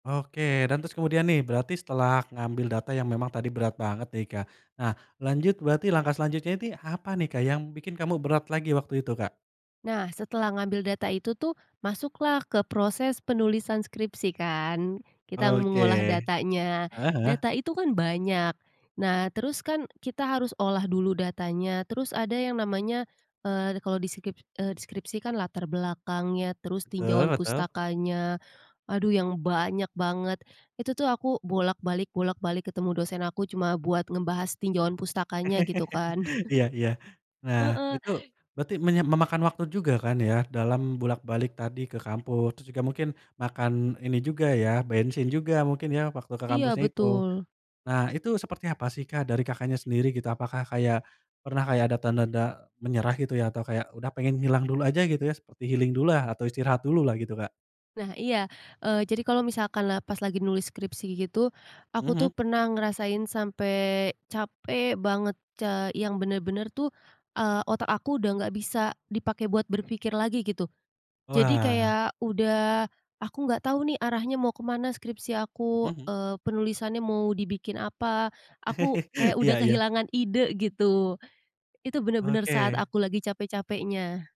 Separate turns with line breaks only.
Oke, dan terus kemudian nih, berarti setelah ngambil data yang memang tadi berat banget nih Kak, nah lanjut, berarti langkah selanjutnya ini, apa nih Kak, yang bikin kamu berat lagi waktu itu Kak?
Nah, setelah ngambil data itu tuh, masuklah ke proses penulisan skripsi kan, kita
Oke,
mengolah datanya,
heeh heeh.
data itu kan banyak. Nah, terus kan kita harus olah dulu datanya, terus ada yang namanya eee, kalau di skrip eee, di skripsi kan latar belakangnya, terus
Betul
tinjauan
betul.
pustakannya. Aduh yang banyak banget, itu tuh aku bolak balik bolak balik ketemu dosen aku, cuma buat ngebahas tinjauan pustakannya gitu kan.
Iya iya. Nah
Heeh.
itu berarti menya memakan waktu juga kan ya dalam bolak-balik tadi ke kampus. Terus juga mungkin, makan ini juga ya bensin juga mungkin ya, waktu ke
Iya,
kampusnya itu.
betul.
Nah itu seperti apa sih Kak, dari Kakaknya, sendiri gitu? Apakah kayak, pernah kayak ada tanda-tanda menyerah gitu ya atau kayak udah pengen hilang dulu aja gitu ya seperti healing dulu lah atau istirahat dulu lah, gitu Kak?
Nah iya, eee, jadi kalau misalkan la pas lagi nulis skripsi gitu,
Mhm
aku
mhm.
tuh pernah ngerasain sampai capek banget, ca yang bener-bener tuh, eee, otak aku udah enggak bisa dipakai buat berpikir lagi gitu, jadi
Wah.
kayak udah, aku enggak tahu nih arahnya mau kemana skripsi aku,
Mhm, hmm.
eee, penulisannya mau dibikin apa, aku kayak
Iya
udah
iya.
kehilangan ide gitu, itu benar-benar saat
Oke.
aku lagi capek-capeknya.